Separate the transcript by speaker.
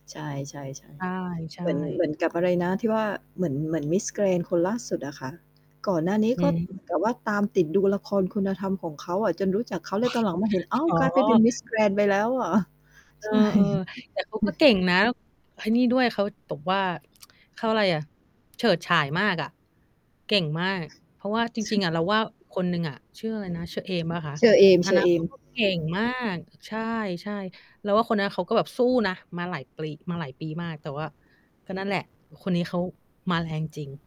Speaker 1: ใช่
Speaker 2: ใช่
Speaker 1: ๆ ๆ
Speaker 2: ใช
Speaker 1: เหมือน เหม
Speaker 2: ่
Speaker 1: ือนกับอะไรนะที่ว่า เหมือน เหมือนมิสแกรนด์คนล่าสุดอะค่ะ ก่อนหน้านี้
Speaker 2: อื
Speaker 1: ก็เหมื
Speaker 2: ม
Speaker 1: อนกับว่า ตามติดดูละครคุณธรรมของเขาอะ จนรู้จักเขาเลย ตอนหลังมาเห็น อ้าว
Speaker 2: อ๋
Speaker 1: กลายไปเป็น
Speaker 2: อ
Speaker 1: มิสแกรนด์ไปแล้วเหรอ?
Speaker 2: เอ
Speaker 1: ใช่
Speaker 2: อ ๆ แต่เขาก็เก่งนะ ไอ้นี่ด้วยเขาแบบว่า เขาอะไรอะ เฉิดฉายมากอะ เก่งมาก เพราะว่าจ
Speaker 1: ช
Speaker 2: ริง ๆ อะ เรา ว่าคนหนึ่งอะ ชื่ออะไรนะ ชื่อเฌอเอมเปล่าคะ?
Speaker 1: เฌอเอ
Speaker 2: อันนั้นเข
Speaker 1: ม
Speaker 2: าก็
Speaker 1: ๆ
Speaker 2: เก่งมาก ใช่ ๆ เราว่าคนนั้นเขาก็แบบสู้นะ มาหลายปลี มาหลายปีมาก แต่ว่า ก็นั่นแหละคนนี้เขามาแรงจริง